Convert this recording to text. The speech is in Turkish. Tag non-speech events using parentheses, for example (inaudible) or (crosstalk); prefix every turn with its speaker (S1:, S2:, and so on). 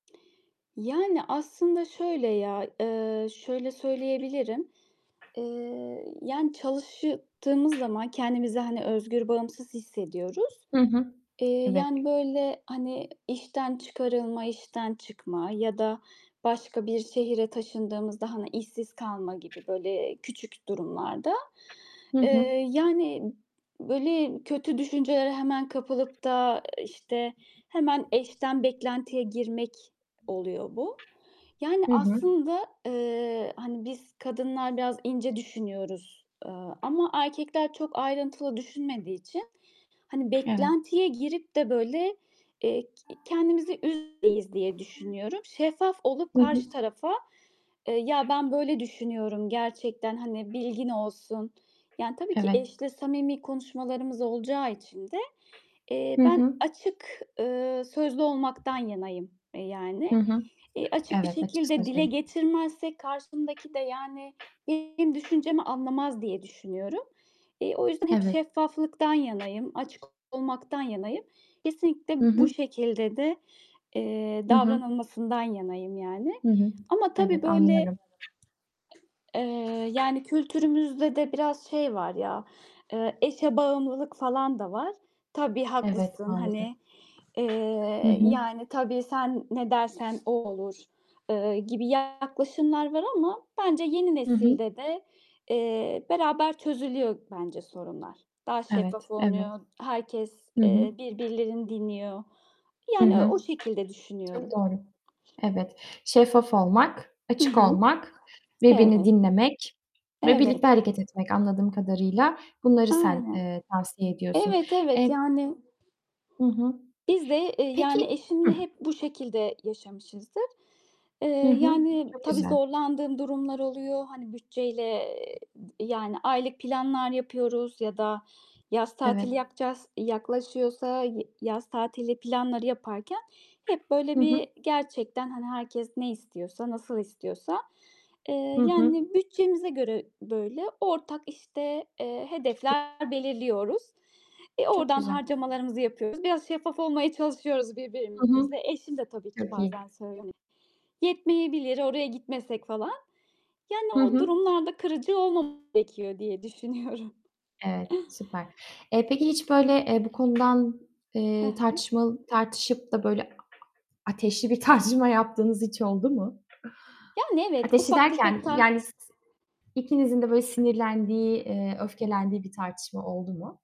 S1: Yani aslında şöyle ya, eee, şöyle söyleyebilirim: Eee, yani çalışıy tığımız zaman kendimizi hani özgür, bağımsız hissediyoruz.
S2: Hı hı.
S1: Eee,
S2: Evet.
S1: yani, böyle hani işten çıkarılma, işten çıkma ya da başka bir şehre taşındığımızda hani işsiz kalma gibi böyle küçük durumlarda,
S2: Hı hı.
S1: eee, yani böyle kötü düşüncelere hemen kapılıp da işte hemen eş'ten beklentiye girmek oluyor bu. Yani
S2: Hı hı.
S1: aslında, eee, hani biz kadınlar biraz ince düşünüyoruz, eee, ama erkekler çok ayrıntılı düşünmediği için hani
S2: Evet.
S1: beklentiye girip de böyle, eee, k kendimizi üzmemeliyiz diye düşünüyorum. Şeffaf olup
S2: Hı hı.
S1: karşı tarafa, eee, "Ya, ben böyle düşünüyorum gerçekten hani bilgin olsun." Yani tabii ki
S2: Evet.
S1: eşle samimi konuşmalarımız olacağı için de, eee,
S2: Hı
S1: ben
S2: hı.
S1: açık, eee, sözlü olmaktan yanayım, eee, yani.
S2: Hı hı.
S1: Eee, açık bir
S2: Evet, açık
S1: şekilde dile
S2: sözle
S1: getirmezsek karşımdaki de, yani, benim
S2: (unintelligible)
S1: düşüncemi anlamaz diye düşünüyorum. Eee, o yüzden hep
S2: Evet.
S1: şeffaflıktan yanayım, açık olmaktan yanayım. Kesinlikle
S2: Hı
S1: bu
S2: hı.
S1: şekilde de, eee,
S2: Hı hı.
S1: davranılmasından yanayım yani.
S2: Hı hı.
S1: Ama tabii
S2: Evet,
S1: böyle,
S2: anlıyorum.
S1: eee, yani kültürümüzde de biraz şey var ya, eee, eşe bağımlılık falan da var. "Tabii
S2: Evet,
S1: haklısın."
S2: maalesef.
S1: hani.
S2: Hı
S1: Eee,
S2: hı.
S1: yani, "Tabii sen ne dersen o olur." eee, gibi yaklaşımlar var ama bence yeni
S2: Hı hı.
S1: nesilde de, eee, beraber çözülüyor bence sorunlar. Daha
S2: Evet,
S1: şeffaf
S2: evet.
S1: olunuyor. Herkes,
S2: Hı hı.
S1: eee, birbirlerini dinliyor.
S2: Hı
S1: Yani o
S2: hı.
S1: o şekilde
S2: Çok
S1: düşünüyorum.
S2: doğru. Evet. Şeffaf olmak,
S1: Hı
S2: açık
S1: hı,
S2: olmak, birbirini
S1: evet.
S2: dinlemek ve
S1: Evet.
S2: birlikte hareket etmek. Anladığım kadarıyla bunları sen,
S1: Aynen.
S2: eee, tavsiye ediyorsun.
S1: Evet, evet.
S2: Eee
S1: Yani
S2: Hı hı.
S1: biz de, eee, yani
S2: Peki,
S1: eşimle
S2: hıh
S1: hep bu şekilde yaşamışızdır. Eee,
S2: Hı hı.
S1: yani
S2: Çok
S1: tabii
S2: güzel.
S1: zorlandığım durumlar oluyor. Hani bütçeyle, eee, d yani aylık planlar yapıyoruz ya da yaz tatili
S2: Evet.
S1: yapacağız, yaklaşıyorsa y yaz tatili planları yaparken hep
S2: Hı
S1: böyle
S2: hı.
S1: bir gerçekten hani herkes ne istiyorsa, nasıl istiyorsa, eee,
S2: Hı hı.
S1: yani bütçemize göre böyle ortak işte, eee,
S2: Çok gü
S1: hedefler belirliyoruz. E,
S2: Çok
S1: oradan
S2: güzel.
S1: harcamalarımızı yapıyoruz. Biraz şeffaf olmaya çalışıyoruz
S2: Hı hı.
S1: birbirimize. Eşim de tabii ki
S2: Çok iyi.
S1: bazen söylüyor, hani, "Yetmeyebilir, oraya gitmesek falan."
S2: Hı
S1: Yani o
S2: hı.
S1: durumlarda kırıcı olmamak gerekiyor diye düşünüyorum.
S2: Evet, süper. Eee, peki hiç böyle, eee, bu konudan,
S1: He
S2: eee,
S1: he.
S2: tartışmal tartışıp da böyle ateşli bir tartışma yaptığınız hiç oldu mu?
S1: Yani evet,
S2: Ateşli
S1: ufak tefek
S2: derken,
S1: ta
S2: yani s s ikinizin de böyle sinirlendiği, eee, öfkelendiği bir tartışma oldu mu?